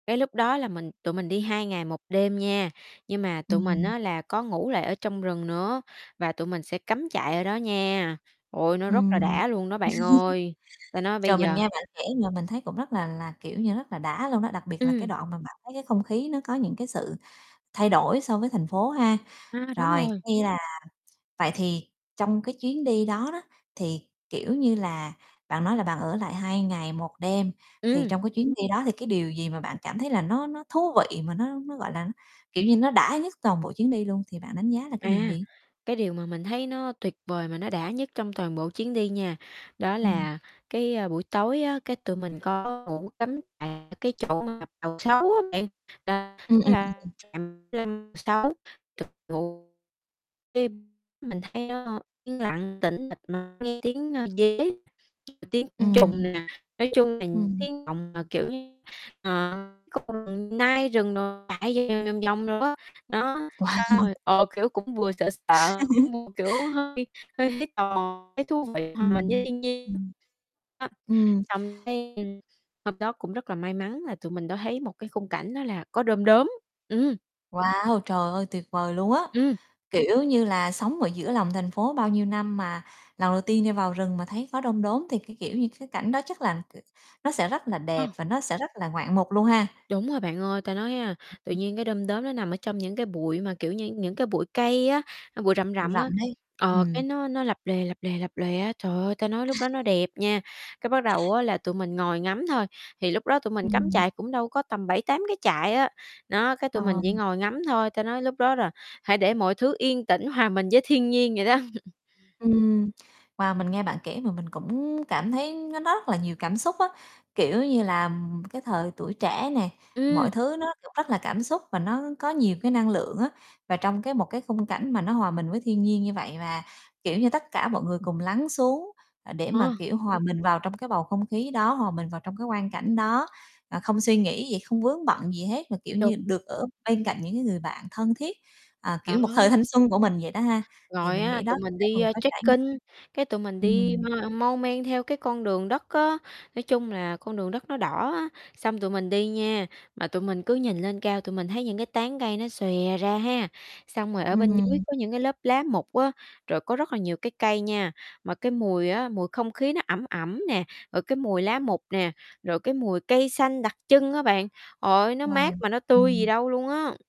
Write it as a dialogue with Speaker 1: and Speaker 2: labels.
Speaker 1: Cái lúc đó là mình tụi mình đi 2 ngày 1 đêm nha, nhưng mà tụi mình
Speaker 2: Ừm.
Speaker 1: á là có ngủ lại ở trong rừng nữa và tụi mình sẽ cắm trại ở đó nha. Ôi, nó rất là
Speaker 2: Ừm.
Speaker 1: đã luôn đó bạn ơi, ta nói bây
Speaker 2: Trời, mình
Speaker 1: giờ
Speaker 2: nghe bạn kể mà mình thấy cũng rất là là, kiểu như, rất là đã luôn đó, đặc biệt là cái
Speaker 1: Ừm.
Speaker 2: đoạn mà bạn thấy cái không khí nó có những cái sự thay đổi so với thành phố ha.
Speaker 1: A, đúng
Speaker 2: Rồi,
Speaker 1: rồi.
Speaker 2: khi là vậy thì trong cái chuyến đi đó đó, thì, kiểu như là, bạn nói là bạn ở lại 2 ngày 1 đêm, thì
Speaker 1: Ừm.
Speaker 2: trong cái chuyến đi đó thì cái điều gì mà bạn cảm thấy là nó nó thú vị mà nó nó, gọi là, nó, kiểu như, nó đã nhất toàn bộ chuyến đi luôn, thì bạn đánh giá là cái điều
Speaker 1: À,
Speaker 2: gì?
Speaker 1: cái điều mà mình thấy nó tuyệt vời mà nó đã nhất trong toàn bộ chuyến đi nha, đó
Speaker 2: Ừm.
Speaker 1: là cái, a, buổi tối á, cái tụi mình có ngủ cắm tại cái chỗ mà Bàu Sấu á bạn, là
Speaker 2: Ưm,
Speaker 1: đó
Speaker 2: ưm, ừm,
Speaker 1: là
Speaker 2: ừm.
Speaker 1: [unintelligible] mình thấy nó, ơ, yên lặng, tĩnh mịch mà nghe tiếng dế, tiếng côn trùng
Speaker 2: Ừm.
Speaker 1: nè, nói chung là những
Speaker 2: Ừm.
Speaker 1: [unintelligible] mà, kiểu như, ờ, có con nai rừng đồ chạy vòng vòng vòng đồ á, đó,
Speaker 2: Wow.
Speaker 1: xong rồi, ờ, kiểu, cũng vừa sợ
Speaker 2: À
Speaker 1: sợ,
Speaker 2: há.
Speaker 1: cũng vừa, kiểu, hơi hơi thấy tò mò, thấy thú vị hòa mình với
Speaker 2: Ừm,
Speaker 1: thiên nhiên.
Speaker 2: ừm.
Speaker 1: Đó,
Speaker 2: Ừm.
Speaker 1: xong cái đêm hôm đó cũng rất là may mắn là tụi mình đã thấy một cái khung cảnh đó là có đom đóm, ừm.
Speaker 2: Wow, trời ơi, tuyệt vời luôn á,
Speaker 1: Ừm.
Speaker 2: kiểu như là, sống ở giữa lòng thành phố bao nhiêu năm mà lần đầu tiên đi vào rừng mà thấy có đom đóm thì cái, kiểu như, cái cảnh đó chắc là, kiểu, nó sẽ rất là
Speaker 1: Ờ.
Speaker 2: đẹp và nó sẽ rất là ngoạn mục luôn ha.
Speaker 1: Đúng rồi bạn ơi, ta nói, a, tự
Speaker 2: [unintelligible]
Speaker 1: nhiên cái đom đóm nó nằm ở trong những cái bụi mà kiểu như những cái bụi cây á, a, bụi rậm
Speaker 2: Bụi
Speaker 1: rậm
Speaker 2: rậm
Speaker 1: á,
Speaker 2: ấy,
Speaker 1: ờ,
Speaker 2: ừm.
Speaker 1: cái nó nó lập lòe, lập lòe, lập lòe á, trời ơi, ta nói lúc đó nó đẹp nha. Cái bắt đầu á là tụi mình ngồi ngắm thôi, thì lúc đó tụi mình cắm
Speaker 2: Ừm.
Speaker 1: trại cũng đâu có tầm 7-8 cái trại á, nó, cái
Speaker 2: Ờ,
Speaker 1: tụi mình chỉ
Speaker 2: ừm.
Speaker 1: ngồi ngắm thôi, ta nói lúc đó là hãy để mọi thứ yên tĩnh hòa mình với thiên nhiên vậy đó.
Speaker 2: Ừm. Wow, mình nghe bạn kể mà mình cũng cảm thấy nó nó rất là nhiều cảm xúc á, kiểu như là, ừm, ừm, cái thời tuổi trẻ nè, mọi
Speaker 1: Ưm.
Speaker 2: thứ nó cũng rất là cảm xúc và nó có nhiều cái năng lượng á. Và trong cái một cái khung cảnh mà nó hòa mình với thiên nhiên như vậy và, kiểu như, tất cả mọi người cùng lắng xuống, ờ, để mà,
Speaker 1: À.
Speaker 2: kiểu, hòa mình vào trong cái bầu không khí đó, hòa mình vào trong cái quang cảnh đó, ờ, không suy nghĩ gì, không vướng bận gì hết mà, kiểu
Speaker 1: Đúng.
Speaker 2: như, được ở bên cạnh những cái người bạn thân thiết, ờ,
Speaker 1: Đó.
Speaker 2: kiểu, một thời thanh xuân của mình vậy đó ha, thì
Speaker 1: Rồi
Speaker 2: mình
Speaker 1: á,
Speaker 2: nghĩ đó
Speaker 1: tụi mình
Speaker 2: sẽ là
Speaker 1: đi,
Speaker 2: một
Speaker 1: a,
Speaker 2: cái trải
Speaker 1: trekking, cái tụi mình
Speaker 2: Ừm,
Speaker 1: đi
Speaker 2: ừm.
Speaker 1: mau mon men theo cái con đường đất á, nói chung là con đường đất nó đỏ á. Xong tụi mình đi nha, mà tụi mình cứ nhìn lên cao, tụi mình thấy những cái tán cây nó xòe ra ha, xong rồi ở bên dưới
Speaker 2: Ừm.
Speaker 1: có những cái lớp lá mục á, rồi có rất là nhiều cái cây nha, mà cái mùi á, mùi không khí nó ẩm ẩm nè, rồi cái mùi lá mục nè, rồi cái mùi cây xanh đặc trưng á bạn, trời ơi, nó
Speaker 2: Wow!
Speaker 1: mát mà nó tươi gì
Speaker 2: Ừm.
Speaker 1: đâu luôn á.